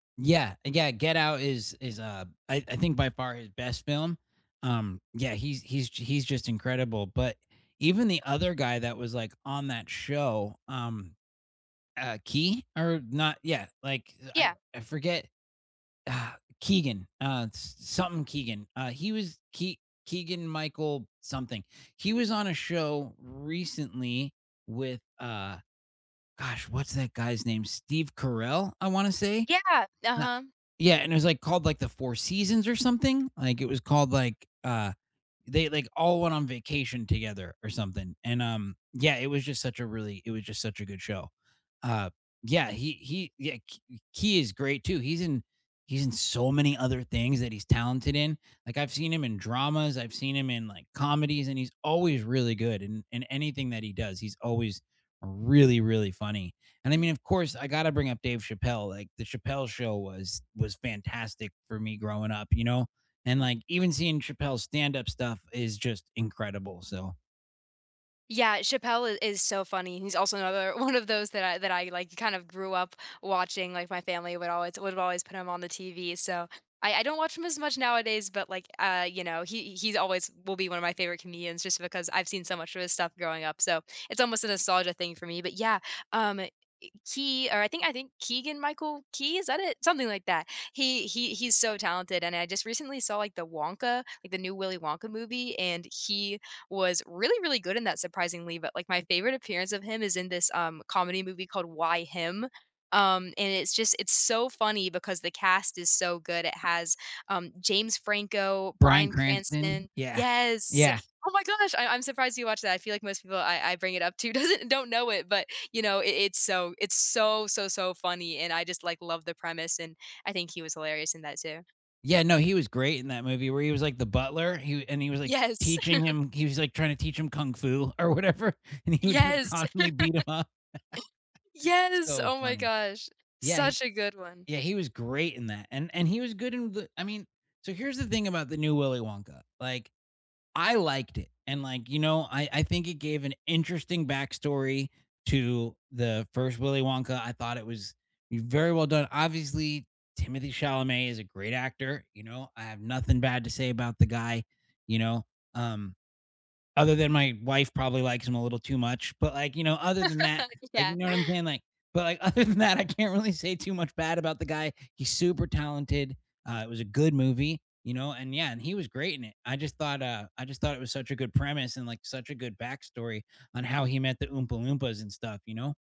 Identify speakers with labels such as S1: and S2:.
S1: Yeah, yeah, Get Out is is, uh, I I think by far his best film. Um, yeah, he's he's he's just incredible, but even the other guy that was, like, on that show, um, uh, Key or not yeah, like, I
S2: Yeah.
S1: I forget. Uh, Keegan, uh, s something Keegan, uh, he was Kee Keegan Michael something, he was on a show recently with, uh gosh, what's that guy's name? Steve Carell, I wanna say?
S2: Yeah,
S1: Na
S2: uh-huh.
S1: yeah, and it was, like, called, like, the Four Seasons or something, like, it was called, like, uh they, like, all went on vacation together or something, and, um, yeah, it was just such a really it was just such a good show. Uh, yeah, he he yeah, h he is great too, he's in he's in so many other things that he's talented in. Like, I've seen him in dramas, I've seen him in, like, comedies, and he's always really good in in anything that he does, he's always really, really funny. And I mean, of course, I gotta bring up Dave Chappelle, like, the Chappelle Show was was fantastic for me growing up, you know, and, like, even seeing Chappelle's stand-up stuff is just incredible, so
S2: Yeah, Chappelle i is so funny, he's also another one of those that I that I, like, kind of grew up watching, like, my family would always would always put him on the TV. So I I don't watch him as much nowadays, but, like, uh, you know, he he's always will be one of my favorite comedians just because I've seen so much of his stuff growing up, so, it's almost a nostalgia thing for me, but yeah, um, e Key or I think I think Keegan Michael Key, is that it? Something like that. He he he's so talented, and I just recently saw, like, the Wonka like, the new Willy Wonka movie, and he was really, really good in that surprisingly, but, like, my favorite appearance of him is in this, um, comedy movie called Why Him, um, and it's just it's so funny because the cast is so good. It has, um, James Franco,
S1: Bryan
S2: Bryan
S1: Cranston?
S2: Cranston
S1: Yeah,
S2: yes,
S1: yeah.
S2: oh my gosh, I I'm surprised you watched that, I feel like most people I I bring it up to doesn't don't know it, but, you know, it it's so it's so, so, so funny, and I just, like, love the premise and I think he was hilarious in that too.
S1: Yeah, no, he was great in that movie where he was, like, the butler, he and he was, like,
S2: Yes.
S1: teaching him he was, like, trying to teach him kung fu or whatever, and he would, like,
S2: Yes.
S1: constantly beat him up.
S2: Yes,
S1: So
S2: oh, my
S1: funny.
S2: gosh,
S1: Yeah,
S2: such a good one.
S1: yeah, he was great in that, and and he was good in the I mean, so here's the thing about the new Willy Wonka, like, I liked it, and, like, you know, I I think it gave an interesting backstory to the 1st Willy Wonka, I thought it was very well done. Obviously, Timothy Chalamet is a great actor, you know, I have nothing bad to say about the guy, you know, um, other than my wife probably likes him a little too much, but, like, you know, other than that, like you
S2: Yeah.
S1: know what I'm saying, like, but, like, other than that, I can't really say too much bad about the guy. He's super talented, uh, it was a good movie, you know, and yeah, and he was great in it. I just thought, uh I just thought it was such a good premise and, like, such a good backstory on how he met the Oompa Loompas and stuff, you know.